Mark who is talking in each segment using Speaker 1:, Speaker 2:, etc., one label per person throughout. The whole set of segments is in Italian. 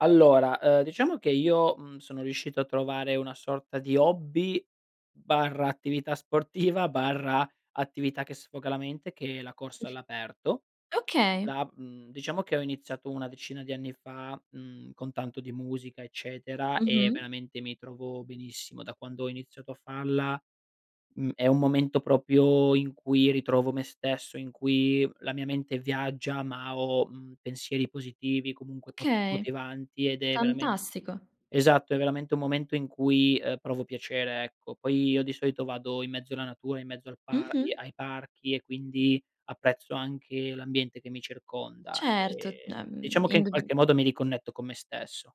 Speaker 1: Allora, uhm, diciamo che io, mhmm, sono riuscito a trovare una sorta di hobby, barra, attività sportiva, barra, attività che sfoga la mente, che è la corsa all'aperto.
Speaker 2: Okay.
Speaker 1: La mhmm, diciamo che ho iniziato una decina di anni fa, mhmm, con tanto di musica, eccetera, e
Speaker 2: Mh-mh.
Speaker 1: veramente mi trovo benissimo. Da quando ho iniziato a farla, mhmm, è un momento proprio in cui ritrovo me stesso, in cui la mia mente viaggia, ma ho, mhmm, pensieri positivi, comunque, po
Speaker 2: Okay.
Speaker 1: motivanti ed è veramen
Speaker 2: Fantastico.
Speaker 1: esatto, è veramente un momento in cui, uhm, provo piacere, ecco. Poi io, di solito, vado in mezzo la natura, in mezzo al par i
Speaker 2: Mh-mh.
Speaker 1: ai parchi, e, quindi, apprezzo anche l'ambiente che mi circonda,
Speaker 2: Certo. D
Speaker 1: ehm,
Speaker 2: ehm,
Speaker 1: diciamo che, in
Speaker 2: indubbiam
Speaker 1: qualche modo, mi riconnetto con me stesso.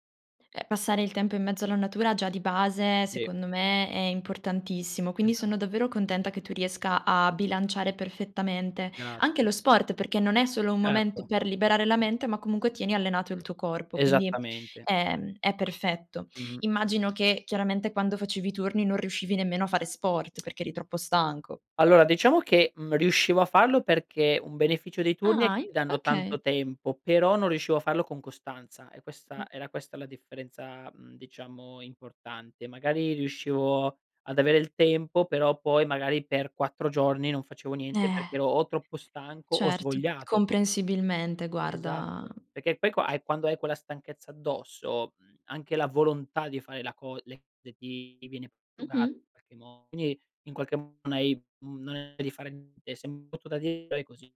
Speaker 2: Eh, passare il tempo in mezzo alla natura, già di base,
Speaker 1: Sì.
Speaker 2: secondo me, è importantissimo. Quindi
Speaker 1: Esa
Speaker 2: sono davvero contenta che tu riesca a bilanciare perfettamente. Anche
Speaker 1: Grazie.
Speaker 2: lo sport, perché non è solo un momento
Speaker 1: Certo.
Speaker 2: per liberare la mente, ma comunque tieni allenato il tuo corpo, quindi,
Speaker 1: Esattamente.
Speaker 2: ehm, è perfetto.
Speaker 1: Mh-mh.
Speaker 2: Immagino che, chiaramente, quando facevi i turni non riuscivi nemmeno a fare sport perché eri troppo stanco.
Speaker 1: Allora, diciamo che, mhmm, riuscivo a farlo perché, un beneficio dei turni è
Speaker 2: Ah,
Speaker 1: che
Speaker 2: in
Speaker 1: ti danno tanto
Speaker 2: okay.
Speaker 1: tempo, però non riuscivo a farlo con costanza; è
Speaker 2: Mh.
Speaker 1: questa era questa la differenza, mhmm, diciamo, importante. Magari, riuscivo ad avere il tempo però, poi, magari, per 4 giorni non facevo niente
Speaker 2: Eh.
Speaker 1: perché ero o troppo stanco, o
Speaker 2: Certo.
Speaker 1: svogliato.
Speaker 2: Comprensibilmente, guarda
Speaker 1: Esatto. Perché poi qua hai quando hai quella stanchezza addosso, mhmm, anche la volontà di fare la co le le ti ti viene prosciugata
Speaker 2: Mh-mh.
Speaker 1: i qualche mo quindi in qualche m non hai, mhmm non hai di fare niente, sem brutto da di però e così.